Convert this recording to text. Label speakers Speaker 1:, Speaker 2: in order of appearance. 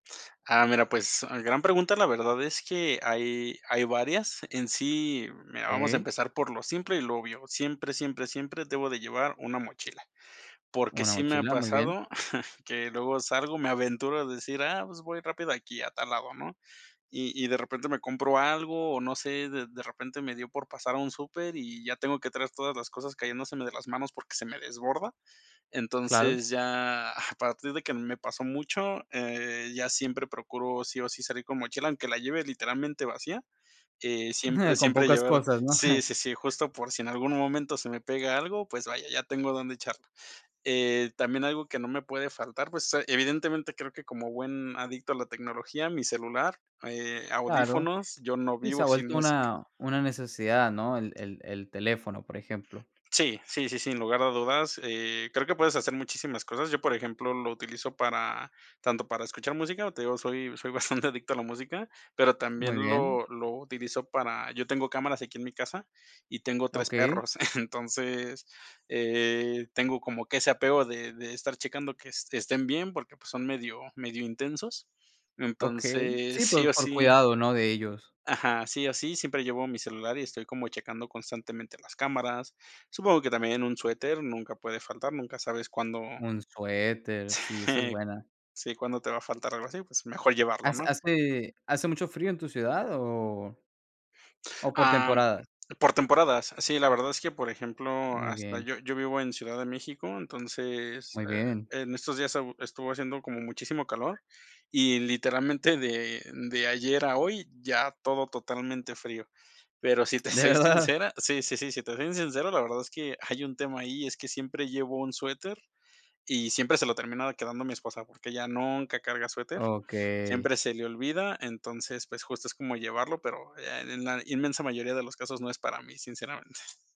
Speaker 1: Ah, mira, pues, gran pregunta, la verdad es que hay hay varias. En sí, mira, vamos a
Speaker 2: Okey.
Speaker 1: empezar por lo simple y lo obvio. Siempre, siempre, siempre debo de llevar una mochila. Porque
Speaker 2: Una
Speaker 1: sí me ha
Speaker 2: mochila, muy bien.
Speaker 1: pasado que luego salgo, me aventuro a decir: "Ah, pues, voy rápido aquí, a tal lado", ¿no?, y y, de repente me compro algo o no sé, de de repente me dio por pasar a un súper y ya tengo que traer todas las cosas cayéndose de las manos porque se me desborda.
Speaker 2: Claro.
Speaker 1: Entonces, ya a partir de que me pasó mucho, eh, ya siempre procuro, sí o sí, salir con mochila, aunque la lleve, literalmente, vacía, eh, siempre,
Speaker 2: Con
Speaker 1: siempre
Speaker 2: pocas
Speaker 1: llevar
Speaker 2: cosas, ¿no?
Speaker 1: Sí, sí, sí, justo por si en algún momento se me pega algo, pues vaya, ya tengo dónde echarla. Eh, también algo que no me puede faltar, pues, ah, evidentemente, creo que, como buen adicto a la tecnología, mi celular, eh,
Speaker 2: Claro.
Speaker 1: audífonos, yo no
Speaker 2: Sí, se ha
Speaker 1: vivo sin
Speaker 2: vuelto
Speaker 1: música.
Speaker 2: una una necesidad, ¿no? El el el teléfono, por ejemplo.
Speaker 1: Sí, sí, sí, sin lugar a dudas, eh, creo que puedes hacer muchísimas cosas. Yo, por ejemplo, lo utilizo para tanto para escuchar música, te digo, soy soy bastante adicto a la música, pero también
Speaker 2: Muy bien.
Speaker 1: lo lo utilizo para yo tengo cámaras aquí, en mi casa, y tengo 3
Speaker 2: Okey.
Speaker 1: perros. Entonces, eh, tengo como que ese apego de de estar checando que es estén bien porque, pues, son medio medio intensos.
Speaker 2: Okey.
Speaker 1: Entonces,
Speaker 2: Sí,
Speaker 1: sí
Speaker 2: pues,
Speaker 1: o
Speaker 2: por
Speaker 1: sí
Speaker 2: cuidado, ¿no?, de ellos.
Speaker 1: Ajá, sí o sí, siempre llevo mi celular y estoy como checando constantemente las cámaras. Supongo que también un suéter nunca puede faltar, nunca sabes cuándo
Speaker 2: Un suéter, sí, esa es
Speaker 1: Sí,
Speaker 2: buena.
Speaker 1: sí, cuándo te va a faltar o algo así, pues mejor llevarlo,
Speaker 2: ¿Has
Speaker 1: ¿no?
Speaker 2: hace hace mucho frío en tu ciudad o o por
Speaker 1: Am,
Speaker 2: temporadas?
Speaker 1: por temporadas. Sí, la verdad es que, por ejemplo,
Speaker 2: Muy
Speaker 1: hasta
Speaker 2: bien.
Speaker 1: yo yo vivo en Ciudad de México, entonces,
Speaker 2: Muy bien.
Speaker 1: eh, en estos días e estuvo haciendo como muchísimo calor y, literalmente, de de ayer a hoy, ya todo totalmente frío. Pero si te
Speaker 2: ¿De
Speaker 1: soy
Speaker 2: verdad?
Speaker 1: sincera sí, sí, sí, si te soy sincero, la verdad es que hay un tema ahí, es que siempre llevo un suéter y siempre se lo terminaba quedando mi esposa, porque ella nunca carga suéter,
Speaker 2: Okey.
Speaker 1: siempre se le olvida. Entonces, pues, justo, es como llevarlo, pero, eh, en la inmensa mayoría de los casos no es para mí, sinceramente.